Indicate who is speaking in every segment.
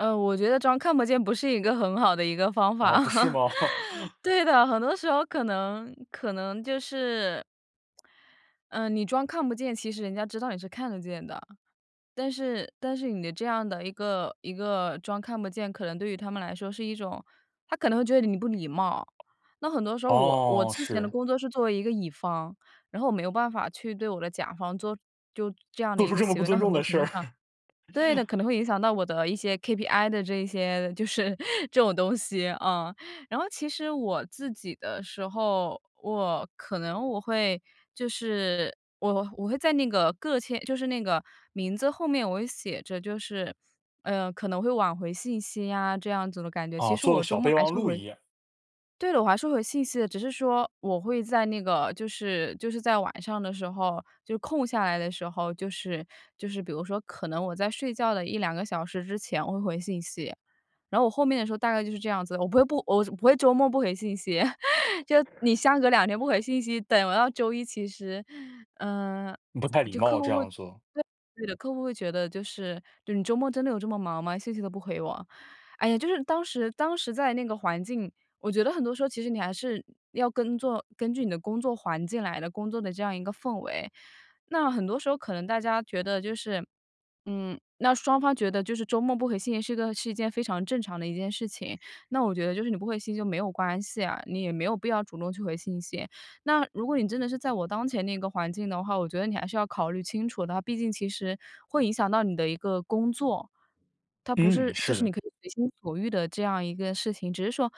Speaker 1: 呃，我觉得装看不见不是一个很好的一个方法。
Speaker 2: 啊，不是 吗？
Speaker 1: 对的，很多时候可能可能就是呃，你装看不见，其实人家知道你是看得见的。但是但是你的这样的一个一个装看不见，可能对于他们来说是一种他可能会觉得你不礼貌。那很多时候我我
Speaker 2: 哦，
Speaker 1: 之前的
Speaker 2: 是。
Speaker 1: 工作是作为一个乙方，然后我没有办法去对我的甲方做就这样的
Speaker 2: 做
Speaker 1: 一
Speaker 2: 出
Speaker 1: 个
Speaker 2: 这么
Speaker 1: 行
Speaker 2: 不
Speaker 1: 为，那
Speaker 2: 尊
Speaker 1: 很
Speaker 2: 重
Speaker 1: 多
Speaker 2: 的
Speaker 1: 程度
Speaker 2: 事。
Speaker 1: 上 对的，可能会影响到我的一些 KPI 的这一些就是这种东西啊。然后其实我自己的时候，我可能我会就是我我会在那个个签就是那个名字后面我会写着就是，呃，可能会晚回信息啊，这样子的感觉，其
Speaker 2: 啊，
Speaker 1: 实
Speaker 2: 做个
Speaker 1: 我周
Speaker 2: 小
Speaker 1: 末
Speaker 2: 备
Speaker 1: 还
Speaker 2: 忘
Speaker 1: 是会
Speaker 2: 录
Speaker 1: 回
Speaker 2: 一样。
Speaker 1: 对了，我还是回信息的。只是说我会在那个就是就是在晚上的时候，就是空下来的时候，就是就是比如说可能我在睡觉的1、2个小时之前我会回信息，然后我后面的时候大概就是这样子，我不会我不会周末不回信息。就你相隔2天不回信息，等到周一其实，呃，
Speaker 2: 不太礼
Speaker 1: 就客
Speaker 2: 貌，这
Speaker 1: 户会
Speaker 2: 样
Speaker 1: 对，
Speaker 2: 做。
Speaker 1: 对的。客户会觉得就是你周末真的有这么忙吗？信息都不回我。哎呀，就是当时当时在那个环境，我觉得很多时候，其实你还是要跟做根据你的工作环境来的工作的这样一个氛围，那很多时候可能大家觉得就是，嗯，那双方觉得就是周末不回信息是一个是一件非常正常的一件事情，那我觉得就是你不回信息就没有关系啊，你也没有必要主动去回信息。那如果你真的是在我当前那个环境的话，我觉得你还是要考虑清楚的，毕竟其实会影响到你的一个工作。它不
Speaker 2: 嗯，
Speaker 1: 是就
Speaker 2: 是
Speaker 1: 是
Speaker 2: 的。
Speaker 1: 你可以随心所欲的这样一个事情，只是说，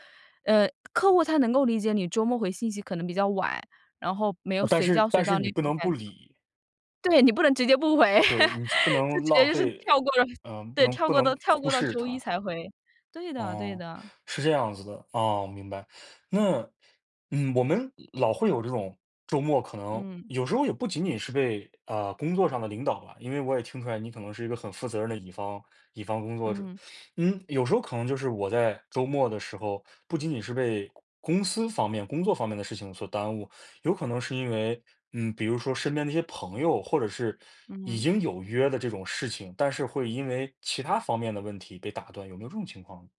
Speaker 1: 呃，客户他能够理解你周末回信息可能比较晚，然后没有
Speaker 2: 但
Speaker 1: 随
Speaker 2: 是
Speaker 1: 叫随
Speaker 2: 但
Speaker 1: 到
Speaker 2: 是
Speaker 1: 的
Speaker 2: 你
Speaker 1: 那
Speaker 2: 不
Speaker 1: 种
Speaker 2: 能
Speaker 1: 感
Speaker 2: 不
Speaker 1: 觉。
Speaker 2: 理。
Speaker 1: 对，你不能直接不回，
Speaker 2: 对，你
Speaker 1: 就
Speaker 2: 是不能
Speaker 1: 直接
Speaker 2: 浪
Speaker 1: 就是
Speaker 2: 费，
Speaker 1: 跳过了
Speaker 2: 呃，不
Speaker 1: 对，
Speaker 2: 能
Speaker 1: 跳
Speaker 2: 不
Speaker 1: 过
Speaker 2: 能
Speaker 1: 到跳
Speaker 2: 忽
Speaker 1: 过到
Speaker 2: 视
Speaker 1: 周一
Speaker 2: 它。
Speaker 1: 才回，对的对
Speaker 2: 哦，
Speaker 1: 的。
Speaker 2: 是这样子的，哦，我明白。那嗯，我们老会有这种，周末可能
Speaker 1: 嗯。
Speaker 2: 有时候也不仅仅是被，呃，工作上的领导了，因为我也听出来你可能是一个很负责任的乙方乙方工作者。
Speaker 1: 嗯。
Speaker 2: 嗯，有时候可能就是我在周末的时候，不仅仅是被公公司方面、工作方面的事情所耽误，有可能是因为，嗯，比如说身边的一些朋友或者是已
Speaker 1: 嗯。
Speaker 2: 经有约的这种事情，但是会因为其他方面的问题被打断，有没有这种情况呢？